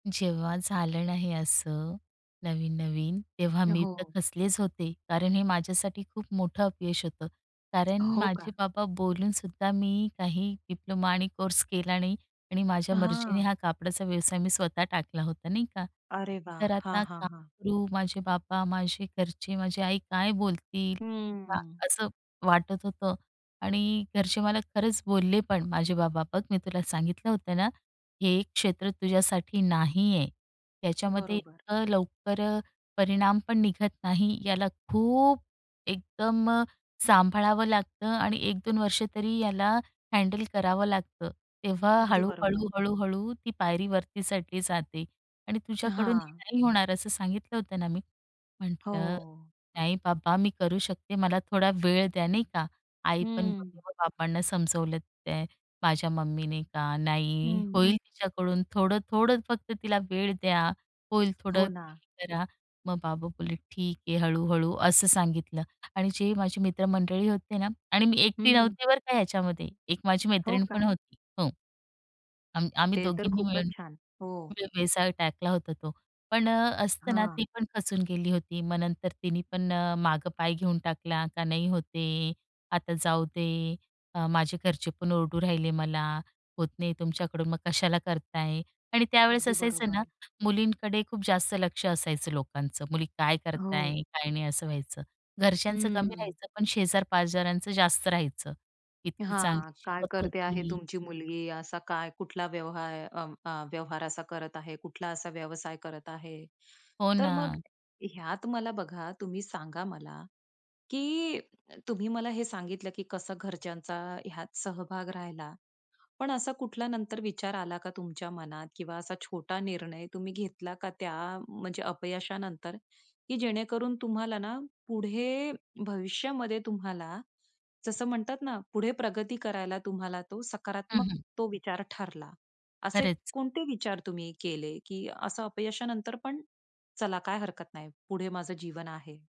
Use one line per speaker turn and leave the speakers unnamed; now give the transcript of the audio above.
जेव्हा झालं ना हे असं नवीन-नवीन तेव्हा मी तर
हो.
खचलेच होते कारण हे माझ्यासाठी खूप मोठं अपयश होतं कारण
हो
माझे
का?
बाबा बोलूनसुद्धा मी काही डिप्लोमा आणि कोर्स केला नाही. आणि माझ्या मर्जीने
हां.
हा कापडाचा व्यवसाय मी स्वतः टाकला होता नाही का?
अरे वाह!
तर
हां,
आता
हां,
काय
हां.
करू, माझे बाबा, माझे घरचे, माझी आई काय बोलतील का हां,
हम्म.
असं वाटत होतं. आणि घरचे मला खरंच बोलले पण. माझे बाबा, "बघ मी तुला सांगितलं होतं ना, हे क्षेत्र तुझ्यासाठी नाहीये. त्याच्यामध्ये
बरोबर.
इतकं लवकर अ, परिणाम पण निघत नाही. याला खूप एकदम अ, सांभाळावं लागतं आणि 1-2 वर्ष तरी याला हँडल करावं लागतं. तेव्हा
अगदी बरोबर.
हळू-हळू, हळू-हळू ती पायरी वरती चढली जाते आणि
अ,
तुझ्याकडून हे
हां.
नाही होणार," असं सांगितलं होतं ना मी. म्हटलं,
हो.
"नाही बाबा मी करू शकते. मला थोडा वेळ द्या" नाही का. आई पण
हं.
[unintelligible] बाबांना समजवलं ते माझ्या मम्मीने की, "नाही
हं.
होईल तिच्याकडून थोडं-थोडं फक्त तिला वेळ द्या. होईल थोडं,
हो
धीर
ना.
धरा." मग बाबा बोलेले, "ठीक आहे," हळू-हळू असं सांगितलं. आणि जे माझे मित्रमंडळी होते ना आणि मी एकटी
हं.
नव्हते बरं का ह्याच्यामध्ये. एक माझी
हो
मैत्रीण पण
का?
होती. हो. आम आम्ही
ते तर
दोघींनी
खूपच
मिळून
छान.
तो
हो.
व्यवसाय टाकला होता तो. पण अ, असतं ना, ती
हां.
पण खचून गेली होती. मग नंतर तिने पण अ, मागं पाय घेऊन टाकला का, "नाही होत आहे, आता जाऊ दे. अ, माझे घरचे पण ओरडू राहिले मला, होत नाही तुमच्याकडून मग कशाला करता आहे." आणि त्यावेळेस
अगदी
असायचं ना
बरोबर.
मुलींकडे खूप जास्त लक्ष असायचं लोकांचं. मुली काय करत
हो.
आहे काय नाही असं व्हायचं. घरच्यांचं कमी
हं.
राहायचं पण शेजारपाजारांचं जास्त राहायचं. इतकी
हां,
चांगली
काय
शिकत
करते आहे
होती
तुमची मुलगी? असा काय कुठला व्यवहार अ, म अ, व्यवहार असा करत आहे? कुठला असा व्यवसाय करत आहे?
हो
तर मग
ना.
ह्यात मला बघा तुम्ही सांगा मला, की तुम्ही मला हे सांगितलं की कसं घरच्यांचा ह्यात सहभाग राहिला, पण असा कुठला नंतर विचार आला का तुमच्या मनात किंवा असा छोटा निर्णय तुम्ही घेतला का त्या म्हणजे अपयशानंतर, की जेणेकरून तुम्हाला ना पुढे भविष्यामध्ये तुम्हाला, जसं म्हणतात ना पुढे प्रगती करायला तुम्हाला तो
हं,
सकारात्मक
हं.
तो विचार ठरला. असे
खरंच.
कोणते विचार तुम्ही केले, की असं अपयशानंतर पण, "चला काय हरकत नाही, पुढे माझं जीवन आहे?"